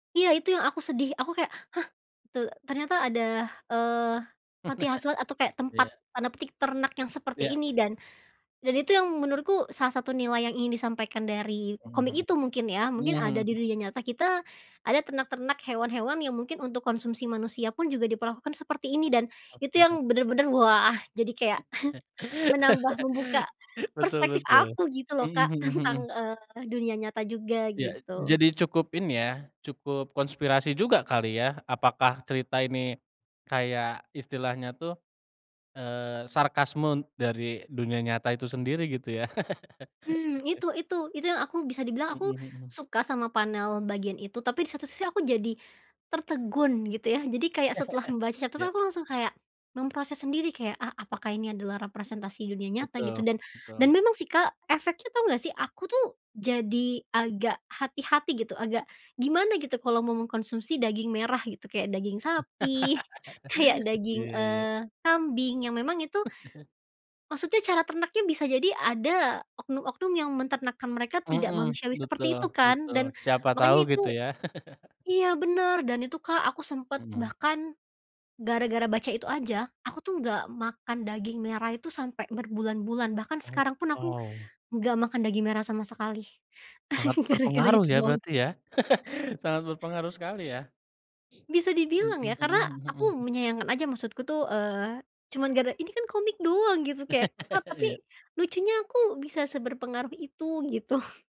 Iya itu yang aku sedih, aku kayak, "Hah, te ternyata ada, eee, panti asuhan atau kayak Iya. tempat, tanda petik, 'ternak' yang seperti Iya. ini." Dan, dan itu yang menurutku salah satu nilai yang ingin disampaikan dari Mmm, komik itu, mungkin ya, mungkin heeh, ada di mhm. dunia nyata kita, ada ternak-ternak hewan-hewan yang mungkin untuk konsumsi manusia pun juga diperlakukan seperti ini, dan itu Oke. yang benar-benar, wah jadi kayak, menambah, membuka Betul perspektif betul. aku, gitu loh, Mhm Kak mhm mhm. tentang, eee, dunia nyata juga Iya, e gitu. jadi cukup ini ya, cukup konspirasi juga kali ya. Apakah cerita ini kayak, istilahnya tuh, eee, sarkasme dari dunia nyata itu sendiri, gitu ya. Mmm, itu itu, itu yang aku, bisa dibilang aku Mhm mhm. suka sama panel bagian itu, tapi di satu sisi aku jadi tertegun gitu ya, jadi kayak setelah membaca, terus Ya. aku langsung kayak, memproses sendiri, kayak, "Ah apakah ini adalah representasi dunia nyata?" Gitu, Betul, dan, dan betul. memang sih, Kak, efeknya tau nggak sih, aku tuh jadi agak hati-hati gitu, agak gimana gitu, kalau mau mengkonsumsi daging merah gitu, kayak daging sapi, kayak daging, Iya iya. eee, kambing yang memang itu maksudnya cara ternaknya bisa jadi ada oknum-oknum yang menternakkan mereka tidak Mmm, manusiawi betul seperti itu kan, betul. dan Siapa tau makanya itu gitu ya. iya benar dan itu, Kak, aku sempat Mmm. bahkan, gara-gara baca itu aja, aku tuh nggak makan daging merah itu, sampai berbulan-bulan, bahkan Oh, sekarang pun aku wow. nggak makan daging merah sama sekali, Sangat gara-gara berpengaruh itu ya, doang. berarti ya. Sangat berpengaruh sekali ya. Bisa Mmm, dibilang eh, ya, karena mhm, hmm, aku heeh. menyayangkan aja, maksudku tuh, eee, cuman gara ini kan komik doang gitu, kayak kok tapi Iya. lucunya aku bisa seberpengaruh itu, gitu.